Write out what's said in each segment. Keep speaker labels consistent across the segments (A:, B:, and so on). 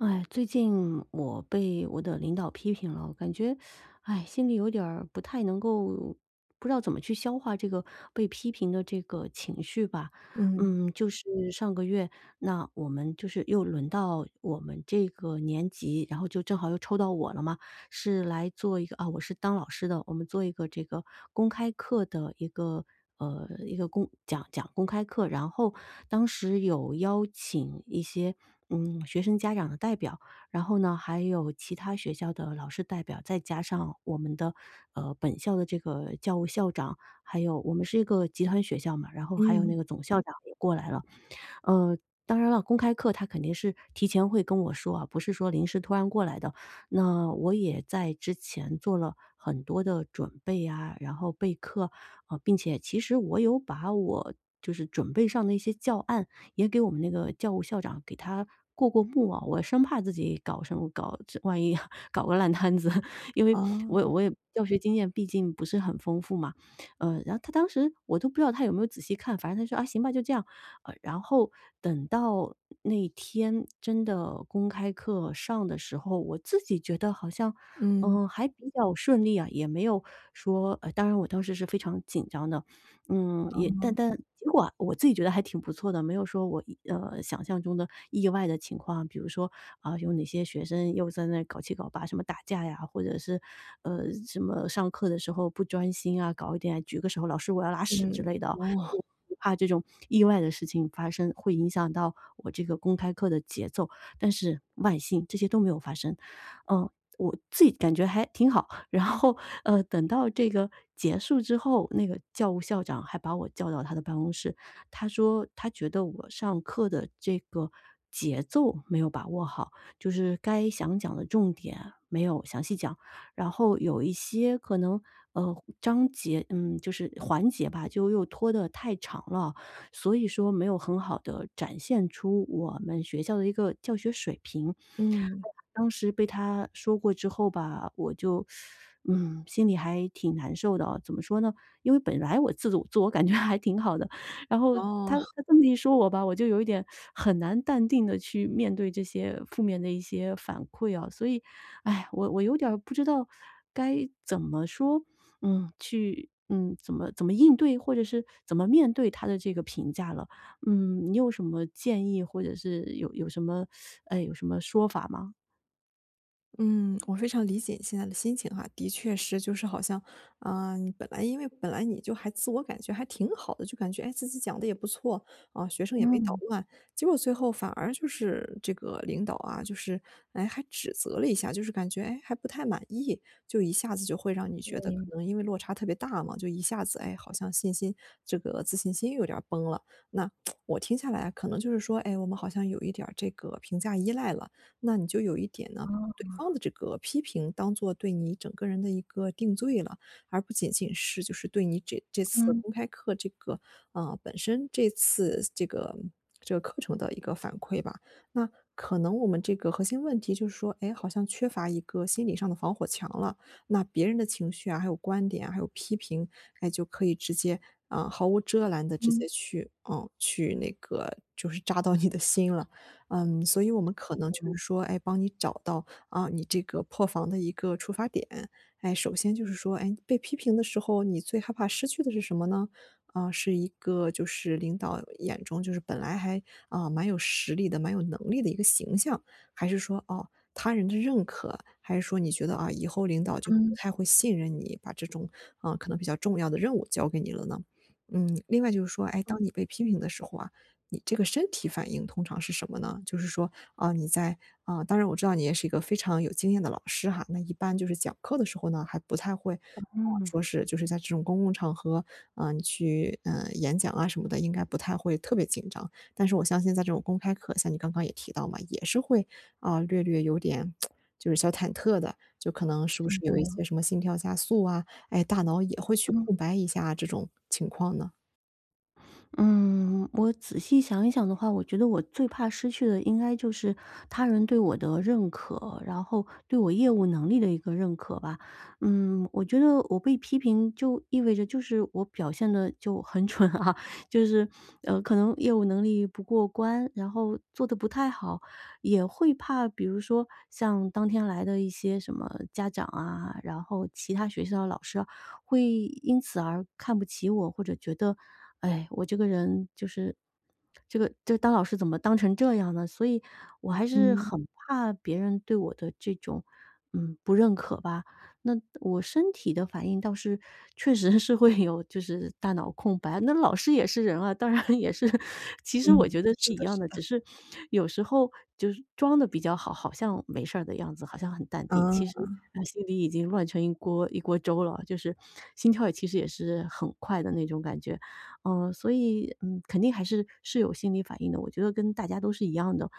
A: 唉，最近我被我的领导批评了。我感觉，哎，心里有点儿不太能够不知道怎么去消化这个被批评的这个情绪吧。
B: 嗯。
A: 嗯，就是上个月，那我们就是又轮到我们这个年级，然后就正好又抽到我了嘛，是来做一个啊我是当老师的，我们做一个这个公开课的一个，呃，一个公讲讲公开课。然后，当时有邀请一些嗯学生家长的代表，然后呢，还有其他学校的老师代表，再加上我们的呃本校的这个教务校长，还有我们是一个集团学校嘛，然后还有那
B: 嗯。
A: 个总校长也过来了。呃，当然了，公开课他肯定是提前会跟我说啊，不是说临时突然过来的。那我也在之前做了很多的准备啊，然后备课，呃并且其实我有把我就是准备上的一些教案也给我们那个教务校长给他过过目哦。我生怕自己搞什么搞，这万一搞个烂摊子，因为我也
B: 哦。
A: 我也教学经验毕竟不是很丰富嘛。呃然后他当时我都不知道他有没有仔细看，反正他说：“啊，行吧，就这样。“呃，然后等到那天真的公开课上的时候，我自己觉得好像，
B: 嗯。
A: 呃，还比较顺利啊，也没有说呃，当然我当时是非常紧张的。嗯，也但
B: 哦。
A: 但结果啊我自己觉得还挺不错的，没有说我，呃，想象中的意外的情况。比如说，啊有哪些学生又在那搞七搞八什么打架呀，或者是呃，什么上课的时候不专心啊，搞一点举个手，老师我要拉屎之
B: 嗯，
A: 类的哦，我
B: 哦。
A: 我怕这种意外的事情发生，会影响到我这个公开课的节奏，但是万幸这些都没有发生。呃，我自己感觉还挺好，然后呃等到这个结束之后，那个教务校长还把我叫到他的办公室。他说，他觉得我上课的这个节奏没有把握好，就是该想讲的重点没有详细讲，然后有一些可能，呃，章节嗯，就是环节吧，就又拖得太长了，所以说没有很好地展现出我们学校的一个教学水平。哎呀，
B: 嗯。
A: 我当时被他说过之后吧，我就，嗯，心里还挺难受的哦，怎么说呢？因为本来我自我-自我感觉还挺好的，然后
B: 哦。
A: 他 他这么一说我吧，我就有一点很难淡定地去面对这些负面的一些反馈哦。所以唉，我我有点儿不知道该怎么说？嗯，去，嗯，怎么怎么应对？或者是怎么面对他的这个评价了？嗯，你有什么建议，或者是有有什么，呃，有什么说法吗？
B: 嗯，我非常理解现在你的心情哈。的确是就是好像，啊，你本来因为本来你就还自我感觉还挺好的，就感觉，诶，自己讲得也不错，啊，学生也没捣
A: 嗯。
B: 乱。结果最后反而就是这个领导啊，就是，诶，还指责了一下，就是感觉，诶，还不太满意。就一下子就会让你觉得可
A: 对。
B: 能因为落差特别大嘛，就一下子，诶，好像信心这个自信心有点儿崩了。那 我听下来啊可能就是说，诶，我们好像有一点儿这个评价依赖了。那你就有一点呢，对方
A: 啊。
B: 的这个批评当做对你整个人的一个定罪了，而不仅仅是就是对你这这次
A: 嗯。
B: 公开课这个，啊，本身这次这个，这个课程的一个反馈吧。那可能我们这个核心问题就是说，诶，好像缺乏一个心理上的防火墙了，那别人的情绪啊，还有观点啊，还有批评，诶，就可以直接，啊，毫无遮拦地直
A: 嗯。
B: 接去，啊，去那个就是扎到你的心了。嗯，所以我们可能就是
A: [unintelligible]
B: 说，诶，帮你找到，啊，你这个破防的一个出发点。诶，首先就是说，诶，被批评的时候，你最害怕失去的是什么呢？啊，是一个就是领导眼中就是本来还，呃，蛮有实力的、蛮有能力的一个形象，还是说，啊，他人的认可，还是说你觉得，啊，以后领导就不
A: 嗯。
B: 太会信任你，把这种，啊，可能比较重要的任务交给你了呢？嗯，另外就是说，诶，
A: 嗯。
B: 当你被批评的时候啊，你这个身体反应通常是什么呢？就是说，啊，你在，啊，当然我知道你也是一个非常有经验的老师哈，那一般就是讲课的时候呢，还不太会，啊，
A: 嗯。
B: 说是就是在这种公共场合，啊，你去，呃，演讲啊什么的，应该不太会特别紧张。但是我相信在这种公开课像你刚刚也提到嘛，也是会，啊，略略有点 就是小忐忑的，就可能
A: 是
B: 是不是有一
A: 的。
B: 些什么心跳加速啊，诶，大脑也会去
A: 嗯。
B: 空白一下这种情况呢？
A: 嗯，我仔细想一想的话，我觉得我最怕失去的应该就是他人对我的认可，然后对我业务能力的一个认可吧。嗯，我觉得我被批评就意味着就是我表现得就很蠢啊，就是，呃，可能业务能力不过关，然后做得不太好。也会怕，比如说像当天来的一些什么家长啊，然后其他学校的老师啊会因此而看不起我，或者觉得，唉，我这个人就是这个这个当老师怎么当成这样呢？所以我还是
B: 嗯。
A: 很怕别人对我的这种，嗯，不认可吧。那我身体的反应倒是确实是会有就是大脑空白，那老师也是人啊，当然也是，其实
B: 嗯。
A: 我觉得是
B: 是
A: 一
B: 的，
A: 样
B: 是
A: 的，
B: 的。
A: 只是有时候就装得比较好，好像没事儿的样子，好像很淡定，其实
B: 啊。
A: 啊心里已经乱成一锅一锅粥了，就是心跳其实也是很快的那种感觉。呃，所以，嗯，肯定还是是有心理反应的，我觉得跟大家都是一样的。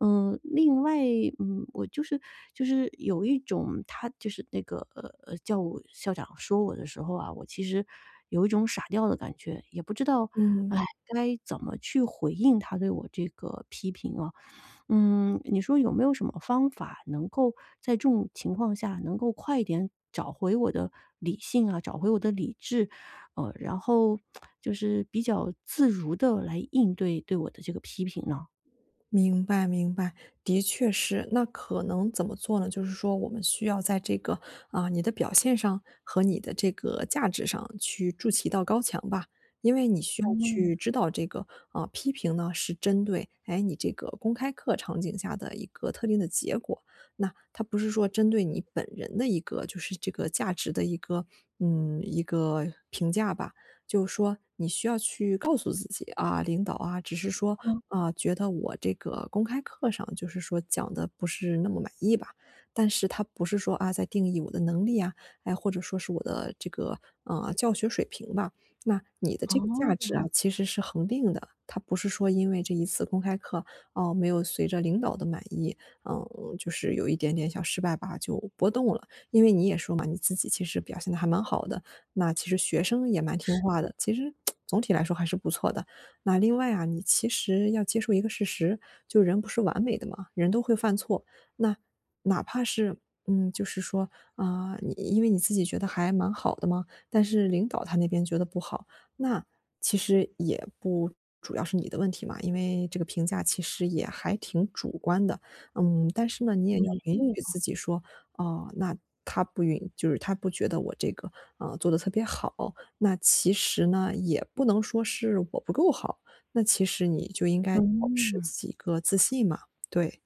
A: 呃，另外，嗯，我就是就是有一种他就是那个，呃，教务校长说我的时候啊，我其实有一种傻掉的感觉，也不知道，
B: 嗯。
A: 唉，该怎么去回应他对我这个批评哦。嗯，你说有没有什么方法能够在这种情况下能够快一点找回我的理性啊，找回我的理智，呃，然后 就是比较自如地来应对对我的这个批评呢？
B: 明白，明白。的确是，那可能怎么做呢？就是说我们需要在这个，啊，你的表现上和你的这个价值上去筑起到一道高墙吧。因为你需要
A: 嗯。
B: 去知道这个，啊，批评呢是针对，诶，你这个公开课场景下的一个特定的结果，那它不是说针对你本人的一个就是这个价值的一个，嗯，一个评价吧。就是说你需要去告诉自己，啊，领导啊，只是说，
A: 嗯。
B: 啊，觉得我这个公开课上就是说讲得不是那么满意吧，但是他不是说，啊，在定义我的能力啊，诶，或者说是我的这个，嗯，教学水平吧。那你的这个价值啊
A: 哦。
B: 其实是恒定的，它不是说因为这一次公开课，啊，没有随着领导的满意，嗯，就是有一点点小失败吧就波动了。因为你也说嘛，你自己其实表现得还蛮好的，那其实学生也蛮听
A: 是
B: 话
A: 的。
B: 的，其实，总体来说还是不错的。那另外啊你其实要接受一个事实，就人不是完美的嘛，人都会犯错，那，哪怕是，嗯，就是说，啊，你因为你自己觉得还蛮好的嘛，但是领导他那边觉得不好，那其实也不主要是你的问题嘛，因为这个评价其实也还挺主观的。嗯，但是呢，你也要
A: 也
B: 允
A: 对
B: 许
A: 哈。
B: 自己说，哦，那他不允就是他不觉得我这个，呃，做得特别好，那其实呢，也不能说是我不够好，那其实你就应该保持
A: 嗯。
B: 自己一个自信嘛，对。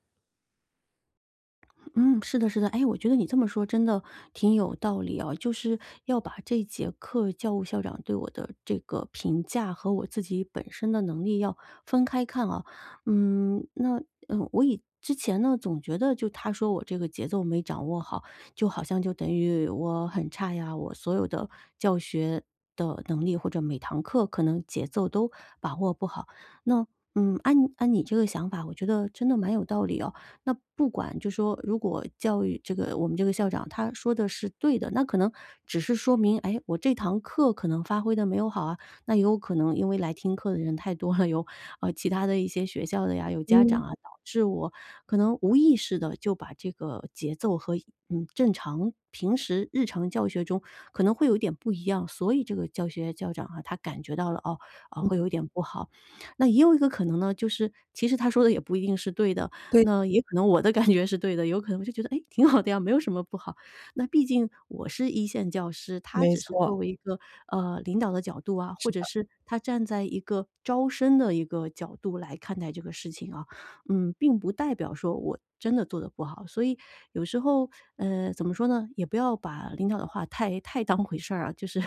A: 嗯，是的，是的。哎，我觉得你这么说真的挺有道理哦，就是要把这节课，教务校长对我的这个评价，和我自己本身的能力要分开看哦。嗯，那呃，我以之前呢，总觉得就他说我这个节奏没掌握好，就好像就等于我很差呀，我所有的教学的能力，或者每堂课可能节奏都把握不好。那，嗯，按按你这个想法，我觉得真的蛮有道理哦。那不管就说如果教育这个我们这个校长他说的是对的，那可能只是说明，哎，我这堂课可能发挥得没有好啊，那也有可能因为来听课的人太多了，有，呃，其他的一些学校的呀，有家长
B: 嗯。
A: 啊，导致我可能无意识地就把这个节奏和，嗯，正常平时日常教学中，可能会有一点不一样，所以这个教学校长啊，他感觉到了，哦，哦，会有一点不好。那也有一个可能呢，就是其实他说的也不一定是对的，
B: 对。
A: 那也可能我的感觉是对的，有可能我就觉得，哎，挺好的呀，没有什么不好。那毕竟我是1线教师，他
B: 没
A: 只是
B: 错。
A: 作为一个，呃，领导的角度啊，或
B: 是
A: 者
B: 的。
A: 是他站在一个招生的一个角度，来看待这个事情啊。嗯，并不代表说我真的做得不好，所以有时候，呃，怎么说呢，也不要把领导的话太太当回事儿啊，就是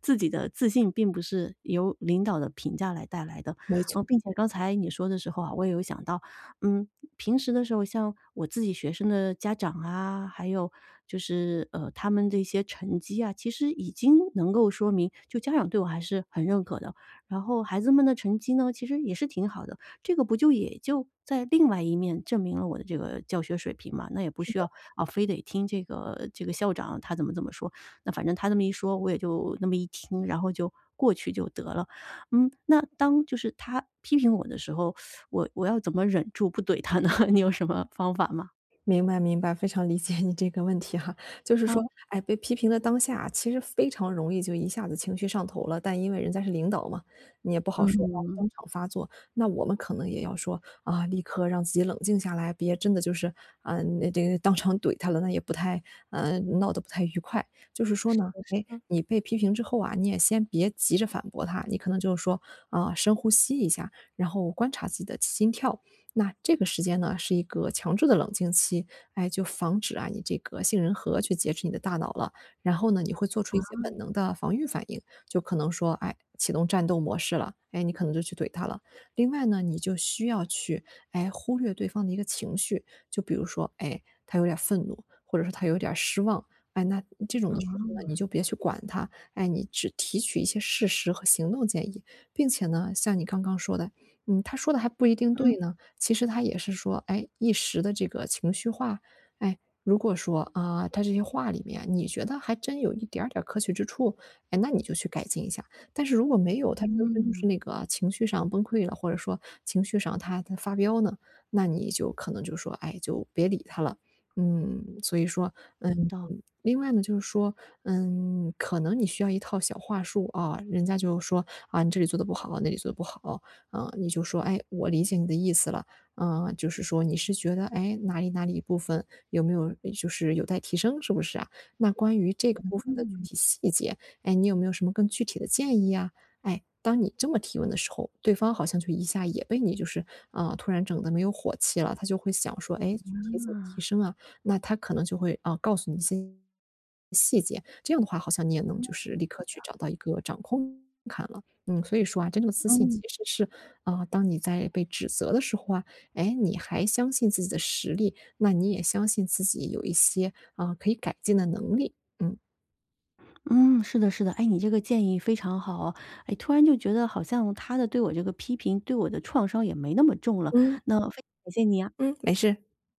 A: 自己的自信，并不是由领导的评价来带来的。
B: 没错。
A: 呃，并且刚才你说的时候啊，我也有想到，嗯，平时的时候，像我自己学生的家长啊，还有就是，呃，他们的一些成绩啊，其实已经能够说明就家长对我还是很认可的。然后孩子们的成绩呢，其实也是挺好的，这个不就也就在另外一面，证明了我的这个教学水平吗？那也不
B: 是
A: 需
B: 的。
A: 要，啊，非得听这个这个校长他怎么怎么说，那反正他这么一说，我也就那么一听，然后就过去就得了。嗯，那当就是他批评我的时候，我我要怎么忍住不怼他呢？你有什么方法吗？
B: 明白，明白，非常理解你这个问题哈，就是说，
A: 嗯。
B: 哎，被批评的当下，其实非常容易就一下子情绪上头了。但因为人家是领导嘛，你也不好说要
A: 嗯。
B: 当场发作，那我们可能也要说，啊，立刻让自己冷静下来，别真的就是，啊，那这个当场怼他了，那也不太呃，闹得不太愉快。就是说
A: 是的，
B: 呢，
A: 是
B: 哎，
A: 的。
B: 你被批评之后啊，你也先别急着反驳他，你可能就是说，啊，深呼吸一下，然后观察自己的心跳。那这个时间呢是一个强制的冷静期，哎，就防止啊你这个杏仁核去劫持你的大脑了，然后呢，你会做出
A: 啊。
B: 一些本能的防御反应，就可能说，哎，启动战斗模式了，哎，你可能就去怼他了。另外呢，你就需要去，哎，忽略对方的一个情绪，就比如说，哎，他有点儿愤怒，或者说他有点儿失望，哎，那这种的时候呢，
A: 啊。
B: 你就别去管它，哎，你只提取一些事实和行动建议。并且呢，像你刚刚说的，嗯，他说的还不一定
A: 嗯
B: 对呢，其实他也是说，哎，一时的这个情绪化，哎，如果说，啊，他这些话里面，你觉得还真有一点儿点儿可取之处，哎，那你就去改进一下。但是如果没有，他真的就
A: 嗯。
B: 是那个情绪上崩溃了，或者说情绪上他他发飙呢，那你就可能就说，哎，就别理他了。嗯，所以说
A: 有
B: 嗯，
A: 道理。
B: 另外呢就是说，嗯，可能你需要一套小话术啊，人家就说，啊，你这里做的不好，那里做的不好。呃，你就说，哎，我理解你的意思了，呃，就是说你是觉得，哎，哪里哪里一部分有没有就是有待提升，是不是啊？那关于这个部分的具
A: 嗯。
B: 体细节，哎，你有没有什么更具体的建议啊？哎，当你这么提问的时候，对方好像就一下也被你就是，啊，突然整的没有火气了。他就会想说，哎，这具体怎么提
A: 啊。
B: 升啊，那他可能就会，哦，告诉你一些细节，这样的话好像你也能
A: 嗯，是
B: 就是，立刻去
A: 的。
B: 找到一个掌控感了。嗯，所以说啊，真正的自信其
A: 嗯。
B: 实是，啊，当你在被指责的时候啊，哎，你还相信自己的实力，那你也相信自己有一些，啊，可以改进的能力，嗯。
A: 嗯，是的，是的，哎，你这个建议非常好哦。哎，突然就觉得好像他的对我这个批评，对我的创伤也没那么重了，
B: 嗯。
A: 那非常感谢你啊。
B: 嗯，没事。